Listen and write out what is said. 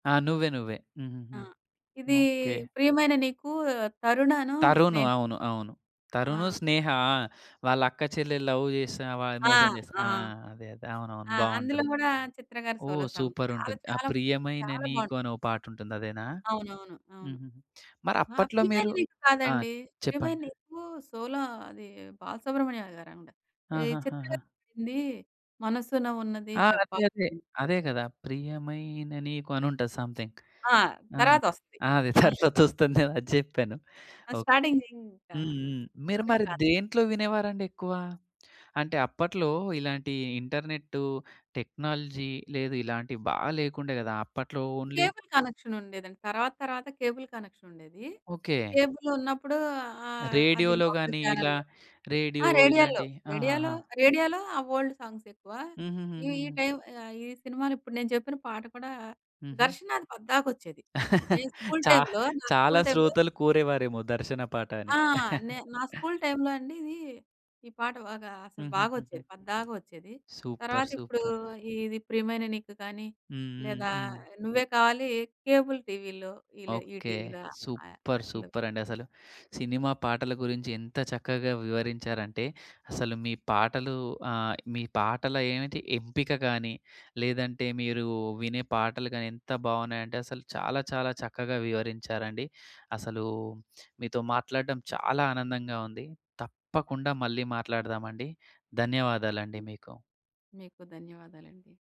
ఆ! నువ్వే నువ్వే. హుహుహు. ఆ! ఇదీ ఓకే. ప్రియమైన నీకు 'తరుణ' ను, తరుణు. 'స్నేహ'. అవును. అవును. 'తరుణు', ఆ! 'స్నేహ'. ఆ! వాళ్ళక్కా చెల్లెలు లవ్ జేస్తున్న వాళ్ ఆ! మోసం చేశా ఆ! ఆ! అదే. అదే. అవునవును. ఆ! అందులో బావుంటుంది. గూడా 'చిత్ర' గారు సోలో ఓహ్! సాంగ్. చాలా సూపరుంటుంది. ఆ! చాలా 'ప్రియమైన చాలా బావున్ నీకు' అనో పాటుంటుంది అదేనా? అవునవును. అవును. హుహుహు. ఆ! మరప్పట్లో ప్రియమైన మీరు నీకు ఆ! కాదండి! ప్రియమైన చెప్పండి. నీకు సోలో అది 'బాల సుబ్రహ్మణ్యం' గారావిడ. ఈ చిత్ర ఆహాహాహా! గారు పాడిందీ 'మనసున ఉన్నది ఆ! అదే. చెప్పా' అదే. హ్మ్. అదే గదా! ప్రియమైన నీకు అనుంటది సమ్‌థింగ్. ఆ! ఆ! తర్వాతొస్తది. ఆ! అదే. ఆ! తర్వాతొస్తుందేమో అది జెప్పాను. ఆ! ఓకే. స్టార్టింగ్‌ దింకా హ్మ్. హ్మ్. మీరు చెప్పలేం. మరి కాదు. దేంట్లో వినేవారండెక్కువ? అంటే అప్పట్లో ఇలాంటి ఇంటర్‌నెట్టు టెక్నాలజీ లేదు. ఇలాంటివి బా లేకుండే గదా! అప్పట్లో ఓన్లీ కేబుల్ కనెక్షనుండేదండి. తర్వాత తర్వాత కేబుల్ కనెక్షనుండేది. ఓకే. కేబులున్నప్పుడు ఆహ్, అది రేడియోలో లోకల్ గానీ, ఇలా ఛానెల్లో ఆ! రేడియో రేడియోల్లో. ఇలాంటియి రేడియోలో ఆహాహా! రేడియోలో ఆ ఓల్డ్ సాంగ్సెక్కువా. ఈ ఈ హుహుహుహుహు. టైమ్ ఆహ్, ఈ సినిమాలో ఇప్పుడు నేను చెప్పిన పాట కూడా హుహు. ఘర్షణాది పద్దాకొచ్చేది. నేను స్కూల్ చా టైమ్‌లో నాకు చాలా స్కూల్ టైమ్‌లో శ్రోతలు కోరేవారేమో దర్శన పాట అని. ఆ! నే నా స్కూల్ టై‌మ్‌లో అండి ఇదీ ఈ పాట బాగా అసలు హుహుహుహు. బాగొచ్చేది పద్దాక ఒచ్చేది. సూపర్. తర్వాతిప్పుడూ సూపర్. ఇది 'ప్రియమైన నీకు' కానీ, హ్మ్. హ్మ్. లేదా హ్మ్. 'నువ్వే కావాలి' కేబుల్ టీవీలో ఈ లే ఈ ఓకే. టీవీలా ఆహ్, సూపర్. ఆటిల్లో సూపరండి అసలు. సినిమా పాటల గురించి ఎంత చక్కగా వివరించారంటే అసలు మీ పాటలు ఆహ్, మీ పాటల ఏమిటి ఎంపిక గానీ, లేదంటే మీరూ వినే పాటలు గానీ ఎంత బావున్నాయంటే అసలు చాలా చాలా చక్కగా వివరించారండి. అసలూ మీతో మాట్లాడడం చాలా ఆనందంగా ఉంది. తప్పకుండా మళ్ళీ మాట్లాడదామండి. ధన్యవాదాలండి మీకు. మీకు ధన్యవాదాలండి.